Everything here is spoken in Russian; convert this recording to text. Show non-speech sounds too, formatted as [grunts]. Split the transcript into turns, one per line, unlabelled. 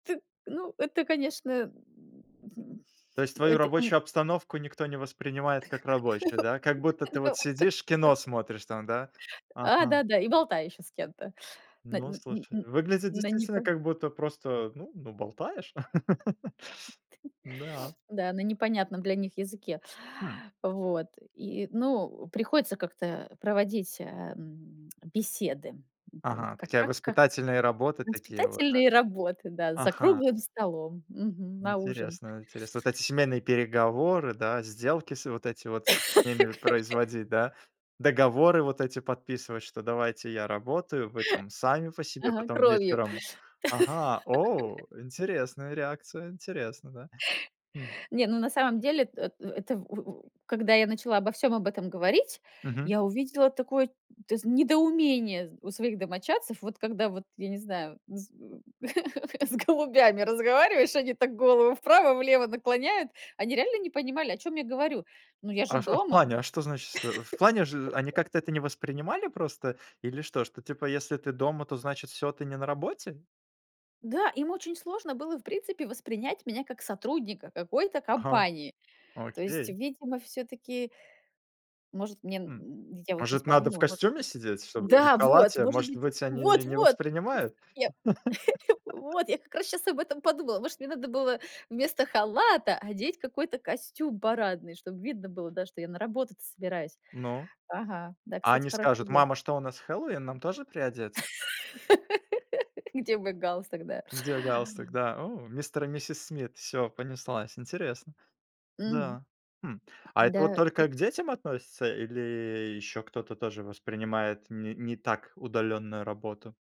Т Ну, это, конечно, [grunts]
То есть твою
это
рабочую обстановку никто не воспринимает как рабочую, да? Как будто
[laughs]
ты вот
виновата.
сидишь, кино смотришь там, да?
А,
Ага.
да-да, и болтаю ещё с кем-то, на
Ну
н н
слушай,
н
выглядит
на
действительно
непо
как будто просто, ну ну, болтаешь. [laughs]
Т
Да.
Да, на непонятном для них языке.
Хм.
Вот. И, ну, приходится как-то проводить, эм, беседы. Это вот
Ага,
как
такая
как как
воспитательные работы такие вот, да?
воспитательные работы, да, за
Ага.
круглым столом, мгм, на ужин.
Интересно интересно. Вот эти семейные переговоры, да, сделки с вот эти вот с ними
[laughs]
производить, да. Договоры вот эти подписывать, что давайте я работаю, вы там сами по себе.
Ага,
Потом
кровью.
вечером Ага. О!
[laughs]
Интересная реакция, интересно, да. Хм.
Не, ну на самом деле, т э э это в у у когда я начала обо всем об этом говорить,
Мгм.
я увидела такое, ты зна недоумение у своих домочадцев. Вот когда вот, я не знаю, с [laughs] с голубями разговариваешь, они так голову вправо-влево наклоняют. Они реально не понимали, о чём я говорю. Ну я же
А в а в
дома.
плане, а что значит шт В плане же они
[laughs]
как-то это не воспринимали просто? Или что, что типа если ты дома, то значит всё, ты не на работе?
Да, им очень сложно было, в принципе, воспринять меня как сотрудника какой-то
Ага.
компании. То есть,
Окей.
видимо, всё-таки Может, мне
Хм.
н я вот щас
Может надо в
подумала, может
костюме сидеть, чтобы не в
Да, вот!
халате?
Может
Может
быть
быть, они не
Вот-вот!
воспринимают?
Совет. [chuckles]
[laughs]
Вот я как раз щас об этом подумала. Может, мне надо было вместо халата одеть какой-то костюм парадный, чтоб видно было, да, что я на работу-то собираюсь.
Ну.
Ага, да,
А
кстати,
они
хорошая
скажут:
идея.
"Мама, что, у нас Хэллоуин, нам тоже приодетьс?"
[laughs] Где мой галстук, да?
Где галстук, да. О! Мистер и миссис Смит, всё понеслась, интересно.
Мгм.
Да. Хм. А это вот
Да, и
только к детям относится, или еще кто-то тоже воспринимает не не так удаленную работу?